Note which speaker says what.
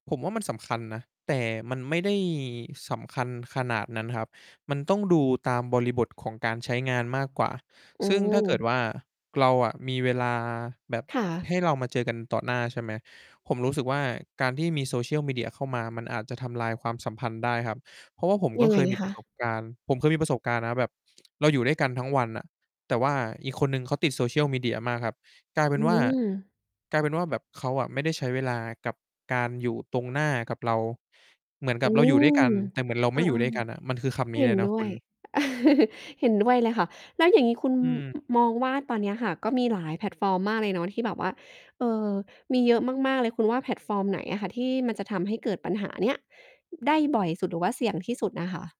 Speaker 1: ผมว่ามันสำคัญนะ แต่มันไม่ได้สำคัญขนาดนั้นครับ มันต้องดูตามบริบทของการใช้งานมากกว่า
Speaker 2: อื
Speaker 1: ซึ่งถ้าเกิด
Speaker 2: ม
Speaker 1: ว่า เราอะมีเวลาแบบ
Speaker 2: ค่
Speaker 1: ให
Speaker 2: ะ
Speaker 1: ้เรามาเจอกันต่อหน้า ใช่ไหม ผมรู้สึกว่า การที่มี Social Media เข้ามามันอาจจะทำลายความสัมพันธ์ได้ครับ เพราะว่าผมก
Speaker 2: ยั
Speaker 1: ็
Speaker 2: ง
Speaker 1: เ
Speaker 2: ไ
Speaker 1: ค
Speaker 2: ง
Speaker 1: ยมี
Speaker 2: ค
Speaker 1: ประส
Speaker 2: ะ?
Speaker 1: บการณ์ ผมเคยมีประสบการณ์นะแบบเราอยู่ด้วยกันทั้งวันน่ะ แต่ว่าอีกคนหนึ่งเขาติด Social Media มากครับ กลายเป
Speaker 2: อ
Speaker 1: ็
Speaker 2: ื
Speaker 1: นว่า
Speaker 2: ม
Speaker 1: กลายเป็นว่าแบบเขาอะ ไม่ได้ใช้เวลากับการอยู่ตรงหน้ากับเรา เหมือนก
Speaker 2: อ
Speaker 1: ั
Speaker 2: ื
Speaker 1: บเราอยู่ด้วยกั
Speaker 2: ม
Speaker 1: น แต่เหมือนเรา
Speaker 2: เอ
Speaker 1: ไม่
Speaker 2: อ
Speaker 1: อยู่ด้วยกันอะ มันคือคำน
Speaker 2: ๆ
Speaker 1: ี้
Speaker 2: เห็
Speaker 1: เล
Speaker 2: น
Speaker 1: ยนะ
Speaker 2: ด
Speaker 1: ค
Speaker 2: ้ว
Speaker 1: ุ
Speaker 2: ย
Speaker 1: ณ
Speaker 2: เห็นด้วยเลยค่ะ แล้วอย่างงี้คุณ
Speaker 1: อืม
Speaker 2: อ มองว่าตอนเนี้ยค่ะ ก็มีหลายแพลตฟอร์มมากเลยเนาะที่แบบว่า เอ่อ มีเยอะมาก ๆ เลย คุณว่าแพลตฟอร์มไหนอะค่ะ ที่มันจะทำให้เกิดปัญหาเนี้ยได้บ่อยสุด หรือว่าเสี่ยงที่สุดน่ะค่ะ?